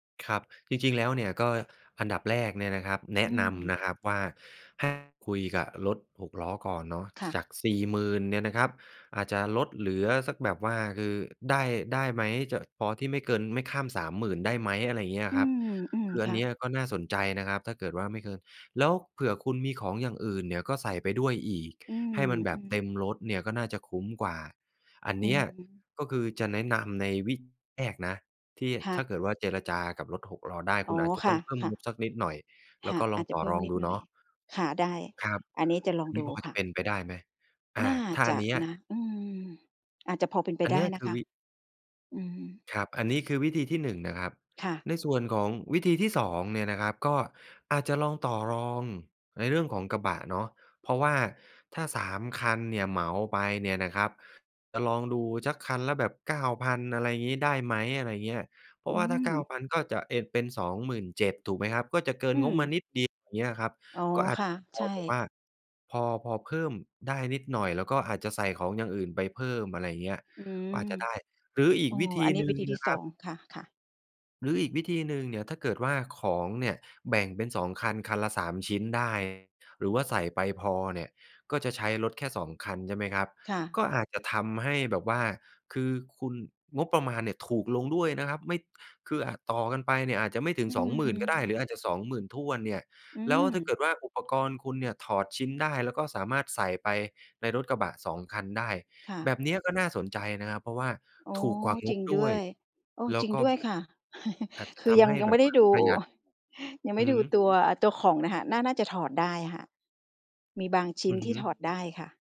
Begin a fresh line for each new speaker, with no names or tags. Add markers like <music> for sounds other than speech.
ครับ จริง ๆ แล้วเนี่ย ก็อันดับแรกเนี่ยนะครับ แน
อ
ะ
ื
นำนะ
ม
ครับว่า ให้คุยกับรถหกล้อก่อนเนาะ
ค่ะ
จาก 40,000 เนี่ยนะครับ อาจจะลดเหลือสักแบบว่า คือได้ ได้ไหม จะพอ ที่ไม่เกิน ไม่ข้าม 30,000 ได้ไหม อะไรอย่างเงี้ย
อื
ครับ
ม
คือ
ๆ
อ
ค
ัน
่
เนี้
ะ
ยก็น่าสนใจนะครับ ถ้าเกิดว่าไม่เกิน แล้วเผื่อคุณมีของอย่างอื่นเนี่ย ก็ใส่ไปด้วยอีก
อื
ให้มันแบบ
ม
เต็ม
ๆ
รถเนี่ย ก็น่าจะคุ้มกว่า อัน
อ
เ
ื
นี้ย
อ
ก็คือจะแนะนำในวิธีแรกนะ ที่
ค่
ถ้
ะ
าเกิดว่า เจรจากับรถหกล้อได้
อ
ค
๋
ุ
อ
ณอาจจะ
ค
ต้
่
องเพิ่ม
ะ
ง
ๆ
บสักนิดหน่อย แ
ค
ล้ว
่ะ
ก็ล
อ
อ
า
ง
จจ
ต
ะ
่อ
เพิ่
ร
ม
อง
นิด
ดู
หน
เ
่
น
อ
า
ย
ะ
ค่ะ ได้
ครับ
อันนี้จะล
อ
อ
ั
ง
นนี
ด
้
ู
พอจ
ค
ะ
่ะ
เป็นไปได้ไหม? อ่า
น่า
ถ้า
จ
อัน
ะ
เนี้ย
นะ อืม อาจจะพอเป็นไป
อัน
ไ
เ
ด
น
้
ี้ย
น
ค
ะ
ื
ค
อ
ะ
วิ
อืม
ครับ อันนี้คือวิธีที่ 1 นะครับ
ค่ะ
ในส่วนของวิธีที่ 2 เนี่ยนะครับ ก็อาจจะลองต่อรองในเรื่องของกระบะเนาะ เพราะว่าถ้า 3 คันเนี่ยเหมาไปเนี่ยนะครับ จะลองดูสัก คันละแบบ 9,000 อะไรงี้ ได้ไหม อะไรอย่างเงี้ย เพร
อ
า
ื
ะว่าถ้า เก้า
ม
พัน ก็จะเอน เป็น 27,000 ถูกไหมครับ ก็จะเกิ
อ
น
ื
งบมา
ม
นิดเดียว อย่างเงี้ยครับ
อ๋อ
ก็อาจ
ค
จ
่
ะ
ะ
พ
ใช
อแบบว
่
่าพอ พอเพิ่มได้นิดหน่อย แล้วก็อาจจะใส่ของอย่างอื่นไปเพิ่ม อะไรอย่างเงี้ย
อื
ก็
ม
อาจจะ ได้ หรืออี
อ
ก
๋อ
วิธี
อันนี
ห
้
นึ่
วิ
ง
ธีท
น
ี่
ะค
ส
รั
อ
บ
ง ค่ะ ๆ
หรืออีกวิธีหนึ่งเนี่ย ถ้าเกิดว่าของเนี่ยแบ่งเป็น 2 คัน คันละ 3 ชิ้นได้ หรือว่าใส่ไปพอเนี่ย ก็จะใช้รถแค่ 2คัน ใช่ไหมครับ
ค่ะ
ก็อาจจะทำให้แบบว่า คือคุณ งบประมาณเนี่ยถูกลงด้วยนะครับ ไม่ คืออาจต่อกันไปเนี่ย อาจจะไม่ถึ
อ
ง
ื
20,000 ก็ได้
ม
หรืออาจจะ 20,000ถ้วนเนี่ย
อื
แล้วถ้าเก
อ
ิดว่าอุปกรณ์คุณเนี่ยถอดชิ้นได้ แล้วก็สามารถใส่ไปในรถกระบะ 2 คันได้
ค่
แบ
ะ
บเนี้ยก็น่าสนใจนะครับ เพราะว่า
อ๋อ
ถูกกว่าง
จริ
บ
ง
ด
ด
้
้
ว
ว
ย
ย โอ้
แล้
จ
ว
ริง
ก็
ด้วยค่ะ <chuckles>
อาจจะ
คื
ท
อยั
ำใ
ง
ห้
ยัง
แบ
ไม่
บ
ได้
ว่า
ดู
ประหยัด
ยังไ
อ
ม
ื
่
อ
ดู
ฮึ
ตัว ตัวของน่ะค่ะ น่า น่าจะถอดได้ค่ะ มีบางชิ
อ
้น
ือ
ท
ฮ
ี่
ึ
ถอดได้ค่ะ